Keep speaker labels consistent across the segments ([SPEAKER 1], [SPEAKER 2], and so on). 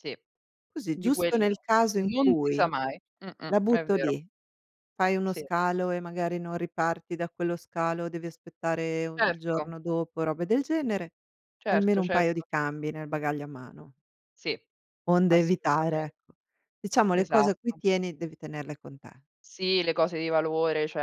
[SPEAKER 1] Sì,
[SPEAKER 2] Così,
[SPEAKER 1] di
[SPEAKER 2] giusto
[SPEAKER 1] quelli,
[SPEAKER 2] nel caso in
[SPEAKER 1] non si sa
[SPEAKER 2] cui
[SPEAKER 1] mai, mh, mh
[SPEAKER 2] la
[SPEAKER 1] è
[SPEAKER 2] butto
[SPEAKER 1] vero.
[SPEAKER 2] lì, fai uno
[SPEAKER 1] Sì.
[SPEAKER 2] scalo e magari non riparti da quello scalo, devi aspettare u il
[SPEAKER 1] Certo.
[SPEAKER 2] giorno dopo, robe del genere, almeno
[SPEAKER 1] Certo,
[SPEAKER 2] un paio di
[SPEAKER 1] certo.
[SPEAKER 2] cambi nel bagaglio a mano.
[SPEAKER 1] Sì,
[SPEAKER 2] Onde evitare,
[SPEAKER 1] assolutamen
[SPEAKER 2] ecco, diciamo le cose a cui
[SPEAKER 1] Esatto.
[SPEAKER 2] tieni, devi tenerle con te.
[SPEAKER 1] Sì, le cose di valore, cioè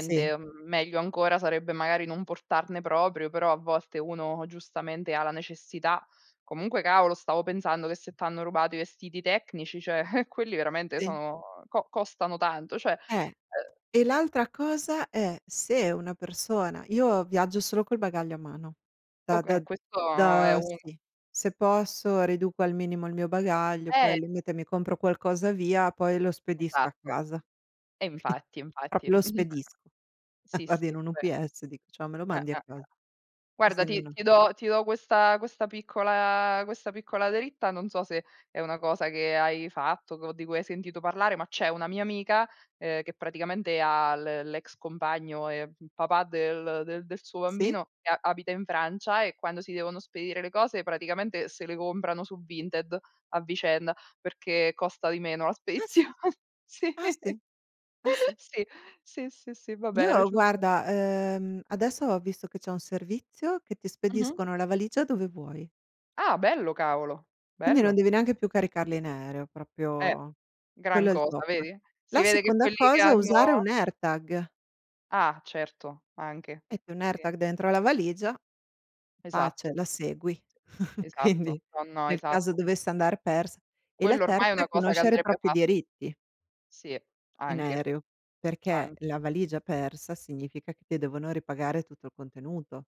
[SPEAKER 2] Sì.
[SPEAKER 1] Meglio ancora sarebbe magari non portarne proprio, però a volte uno giustamente ha la necessità. Comunque cavolo, stavo pensando che se t'hanno rubato i vestiti tecnici, cioè, quelli veramente
[SPEAKER 2] Sì.
[SPEAKER 1] sono co costano tanto, cioè,
[SPEAKER 2] Eh,
[SPEAKER 1] ehm
[SPEAKER 2] e l'altra cosa è: se una persona io viaggio solo col bagaglio a mano, da da
[SPEAKER 1] Okay, questo è
[SPEAKER 2] da
[SPEAKER 1] un
[SPEAKER 2] sì. Se posso riduco al minimo il mio bagaglio, poi
[SPEAKER 1] Eh.
[SPEAKER 2] al limite, mi compro qualcosa via, poi lo spedisco a
[SPEAKER 1] Esatto.
[SPEAKER 2] casa.
[SPEAKER 1] E infatti e infatti.
[SPEAKER 2] Proprio lo spedisco.
[SPEAKER 1] Sì,
[SPEAKER 2] Vado in
[SPEAKER 1] sì,
[SPEAKER 2] un
[SPEAKER 1] ve
[SPEAKER 2] UPS dico: "Ciao, me lo
[SPEAKER 1] Eh, Eh,
[SPEAKER 2] mandi a
[SPEAKER 1] Eh.
[SPEAKER 2] cas" così
[SPEAKER 1] Guarda, ti
[SPEAKER 2] [unintelligible]
[SPEAKER 1] ti do ti do questa questa piccola questa piccola dritta, non so se è una cosa che hai fatto, o di cui hai sentito parlare, ma c'è una mia amica, ehm, che praticamente ha l l'ex compagno, e il papà del del suo
[SPEAKER 2] Sì.
[SPEAKER 1] bambino, abita in Francia, e quando si devono spedire le cose, praticamente se le comprano su Vinted a vicenda, perché costa di meno la
[SPEAKER 2] Ah s
[SPEAKER 1] spedizione, sì.
[SPEAKER 2] ah sì, ah sì.
[SPEAKER 1] Sì, sì, sì, sì, va beh, era
[SPEAKER 2] Io
[SPEAKER 1] giusto
[SPEAKER 2] guarda, ehm, adesso ho visto che c'è un servizio, che ti
[SPEAKER 1] Mh-mh.
[SPEAKER 2] spediscono la valigia dove vuoi.
[SPEAKER 1] Ah, bello cavolo,
[SPEAKER 2] Quindi non
[SPEAKER 1] bello.
[SPEAKER 2] devi neanche più caricarli in aereo,
[SPEAKER 1] Eh,
[SPEAKER 2] proprio
[SPEAKER 1] gran
[SPEAKER 2] quello è il
[SPEAKER 1] cosa,
[SPEAKER 2] top.
[SPEAKER 1] vedi, si
[SPEAKER 2] La
[SPEAKER 1] vede che
[SPEAKER 2] seconda
[SPEAKER 1] quelli che
[SPEAKER 2] cosa, è usare
[SPEAKER 1] hanno
[SPEAKER 2] un AirTag.
[SPEAKER 1] Ah, certo anche.
[SPEAKER 2] Metti un
[SPEAKER 1] Sì.
[SPEAKER 2] AirTag dentro la valigia, pace,
[SPEAKER 1] Esatto.
[SPEAKER 2] la segui.
[SPEAKER 1] Esatto.
[SPEAKER 2] Quindi,
[SPEAKER 1] No, no,
[SPEAKER 2] nel caso
[SPEAKER 1] esatto.
[SPEAKER 2] dovesse andar pers e la
[SPEAKER 1] Quello ormai è
[SPEAKER 2] terza
[SPEAKER 1] una
[SPEAKER 2] è
[SPEAKER 1] cosa che
[SPEAKER 2] conoscere i
[SPEAKER 1] andrebbe
[SPEAKER 2] propri
[SPEAKER 1] fat
[SPEAKER 2] diritti
[SPEAKER 1] Sì,
[SPEAKER 2] in
[SPEAKER 1] anche
[SPEAKER 2] aereo, perché la
[SPEAKER 1] anche.
[SPEAKER 2] valigia persa significa che devono ripagare tutto il contenuto.